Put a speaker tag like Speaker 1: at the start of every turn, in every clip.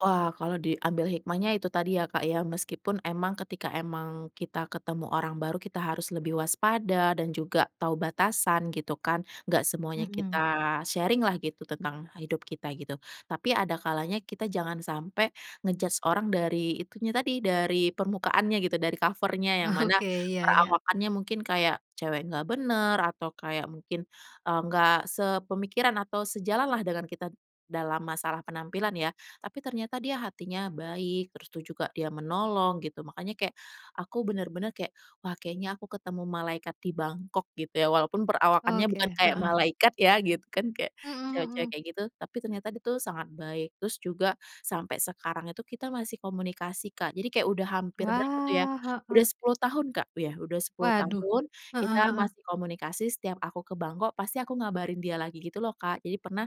Speaker 1: Wah, kalau diambil hikmahnya itu tadi ya, Kak, ya. Meskipun emang ketika emang kita ketemu orang baru, kita harus lebih waspada dan juga tahu batasan gitu kan. Gak semuanya kita
Speaker 2: Mhm.
Speaker 1: sharing-lah gitu tentang hidup kita gitu. Tapi ada kalanya kita jangan sampai nge-judge orang dari itunya tadi, dari permukaannya gitu, dari cover-nya, yang mana
Speaker 2: Oke, iya iya.
Speaker 1: perawakannya mungkin kayak cewek gak bener, atau kayak mungkin, eee, gak sepemikiran atau sejalan lah dengan kita d dalam masalah penampilan ya, tapi ternyata dia hatinya baik, terus itu juga dia menolong gitu. Makanya kayak aku bener-bener kayak, wah kayaknya aku ketemu malaikat di Bangkok gitu ya, walaupun perawakannya bukan
Speaker 2: Oke.
Speaker 1: kayak
Speaker 2: Heeh.
Speaker 1: malaikat ya gitu, kan kayak
Speaker 2: Mhm
Speaker 1: cewek-cewek
Speaker 2: mhm.
Speaker 1: kayak gitu, tapi ternyata dia tuh sangat baik. Terus juga sampai sekarang itu kita masih komunikasi Kak, jadi kayak udah hampir berapa tuh ya,
Speaker 2: Wah,
Speaker 1: udah
Speaker 2: heeh.
Speaker 1: 10 tahun Kak, ya, udah 10
Speaker 2: Waduh,
Speaker 1: tahun
Speaker 2: heeh
Speaker 1: kita
Speaker 2: heeh.
Speaker 1: masih komunikasi, setiap aku ke Bangkok pasti aku ngabarin dia lagi, gitu loh, Kak. Jadi pernah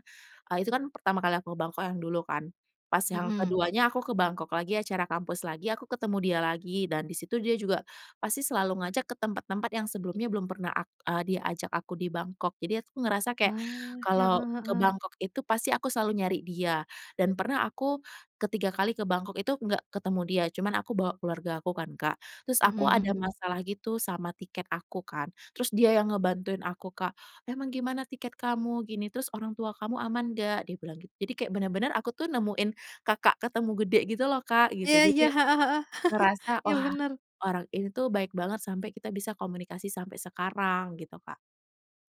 Speaker 1: eee, itu kan pertama kali aku ke Bangkok yang dulu kan, pas yang
Speaker 2: Mhm.
Speaker 1: ke-2-nya aku ke Bangkok lagi, acara kampus lagi, aku ketemu dia lagi dan di situ dia juga pasti selalu ngajak ke tempat-tempat yang sebelumnya belum pernah ak eee, diajak aku di Bangkok. Jadi aku ngerasa kayak
Speaker 2: Wah, heeh
Speaker 1: kalau ke
Speaker 2: heeh.
Speaker 1: Bangkok itu pasti aku selalu nyari dia. Dan pernah aku ke-3 kali ke Bangkok itu gak ketemu dia, cuman aku bawa keluarga aku kan Kak. Terus
Speaker 2: Mhm
Speaker 1: aku ada
Speaker 2: mhm.
Speaker 1: masalah gitu sama tiket aku kan, terus dia yang ngebantuin aku Kak, "Emang gimana tiket kamu?" Gini. "Terus orang tua kamu aman gak?" Dia bilang gitu. Jadi kayak bener-bener aku tuh nemuin kakak ketemu gede gitu loh Kak, gitu.
Speaker 2: Iya
Speaker 1: Jadi
Speaker 2: iya!
Speaker 1: aku
Speaker 2: Heeh heeh!
Speaker 1: ngerasa,
Speaker 2: Iya
Speaker 1: wah,
Speaker 2: bener.
Speaker 1: orang ini tuh baik banget sampai kita bisa komunikasi sampai sekarang, gitu Kak.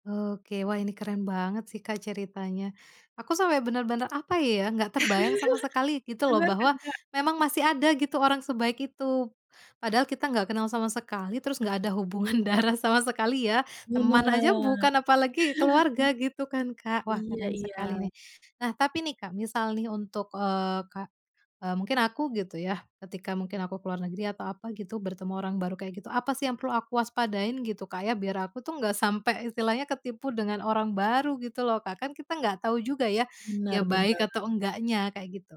Speaker 2: Oke, wah ini keren banget sih, Kak, ceritanya. Aku sampai bener-bener, apa ya, gak terbayang sama sekali gitu loh,
Speaker 1: Bener kan,
Speaker 2: bahwa
Speaker 1: Kak.
Speaker 2: memang masih ada gitu orang sebaik itu, padahal kita gak kenal sama sekali terus gak ada hubungan darah sama sekali ya.
Speaker 1: Bener.
Speaker 2: Teman aja bukan apalagi keluarga gitu kan, Kak. Wah
Speaker 1: Iya
Speaker 2: keren sekali
Speaker 1: iya.
Speaker 2: nih. Nah, tapi nih, Kak, misal nih untuk, eee, kak eee, mungkin aku gitu yah, ketika mungkin aku ke luar negeri atau apa gitu bertemu orang baru kayak gitu, apa sih yang perlu aku waspadain, gitu Kak ya, biar aku tuh nggak sampai istilahnya ketipu dengan orang baru gitu loh, Kak? Kan kita nggak tahu juga ya, dia
Speaker 1: Bener
Speaker 2: baik
Speaker 1: bener.
Speaker 2: atau enggaknya, kayak gitu.